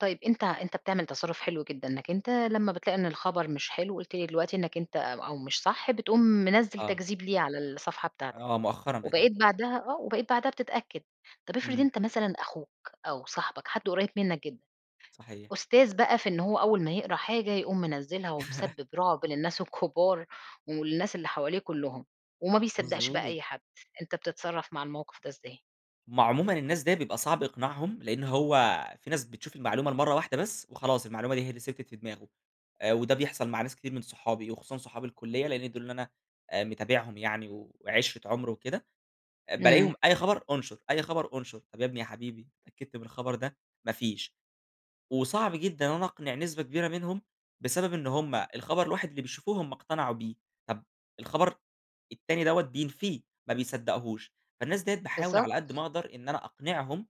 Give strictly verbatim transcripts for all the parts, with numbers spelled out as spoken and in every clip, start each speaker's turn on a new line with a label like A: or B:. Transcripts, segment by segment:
A: طيب أنتَ أنتَ بتعمل تصَرُّف حلو جدًا، إنَّك أنتَ لما بتلاقِي إن الخبر مش حلو، قلت لي دلوقتي إنك أنتَ أو مش صح بتقوم منزِّل
B: آه.
A: تكذِيب ليه على الصَّفحة بتاعتك،
B: آه، مؤخرًا بقيت أعمل
A: وبقيت بعدها آه، وبقيت بعدها بتتأكَّد. طب افرِض
B: إمم.
A: أنتَ مثلًا أخوك أو صاحبك حد قريب منك جدًا،
B: صحيح.
A: أستاذ بقى في إن هو أول ما يقرَأ حاجة يقوم منزِّلها، ومسبِّب رُعب للناس الكبار والناس اللي حواليه كلهُم، وما بيصدَّقش بقى
B: مضبوط.
A: أي حد، أنتَ بتتصرَّف مع الموقف ده إزاي؟
B: هُم عمومًا الناس ديّة بيبقى صعب إقناعهم، لأنه هو في ناس بتشوف المعلُومة لمرة واحدة بس وخلاص، المعلُومة دي هي اللي ثبَتت في دِماغه، وده بيحصل مع ناس كتير من صحابي، وخصوصًا صحاب الكلية، لإن دول اللي أنا متابعهم يعني وعشرة عُمر وكده.
A: إمم.
B: بالاقيهم أي خبر انشُر، أي خبر انشُر. "طب يا ابني يا حبيبي، اتأكَّدت من الخبر ده؟"، ما فيش. وصعب جدًا أنا أقنِع نسبة كبيرة منهم بسبب إن هُم الخبر الواحد اللي بيشوفوه هُم اقتنعوا بيه، طب الخبر التاني دوّة بينفِيه ما بيصدَّقهوش. فالناس ديّة باحاول
A: بالضبط.
B: على قد ما أقدر إن أنا أقنِعهم،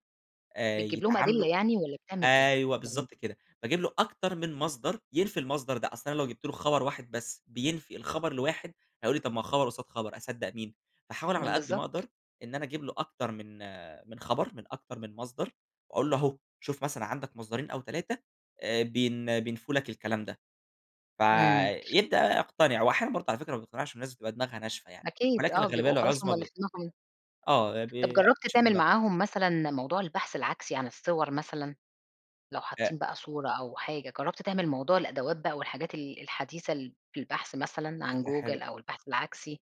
B: آآ
A: بتجيب لهم
B: يتعامَلوا
A: أدلة يعني والّا بتعمل إيه؟
B: أيوه
A: يعني
B: بالضبط كده، باجِيب له أكتر من مَصدر ينفِي المَصدر ده؛ أصل أنا لو جِبت له خبر واحد بس بينفِي الخبر الواحد هيقول لي: "طيب ما هو خبر قصاد خبر، أصدق مين؟" فأحاول على قد ما
A: بالضبط.
B: أقدر إن أنا أجِيب له أكتر من آآ، خبر من أكتر من مَصدر، وأقول له: "أهو شوف مثلًا عندك مصدرين أو تلاتة بين بينفُوا لك الكلام ده." ف
A: إمم.
B: يبدأ بقى يقتنِع، وأحيانًا برضه على فكرة ما بيقتنِعش، الناس بتبقى دماغها ناشفة يعني
A: أكيد،
B: ولكن
A: آه،
B: الغالبية
A: بيبقوا خلاص هُم
B: العظمى
A: اللي
B: ب
A: في دماغهم
B: آه،
A: طب
B: بي
A: جربت
B: بينشفوا
A: تعمل
B: دماغهم.
A: معاهم مثلًا موضوع البحث العكسي عن الصور مثلًا؟ لو
B: آآ
A: حاطين بقى صورة أو حاجة، جربت تعمل موضوع الأدوات بقى والحاجات ال الحديثة في البحث، مثلًا عن
B: فكرة
A: Google
B: حلوة.
A: أو البحث العكسي؟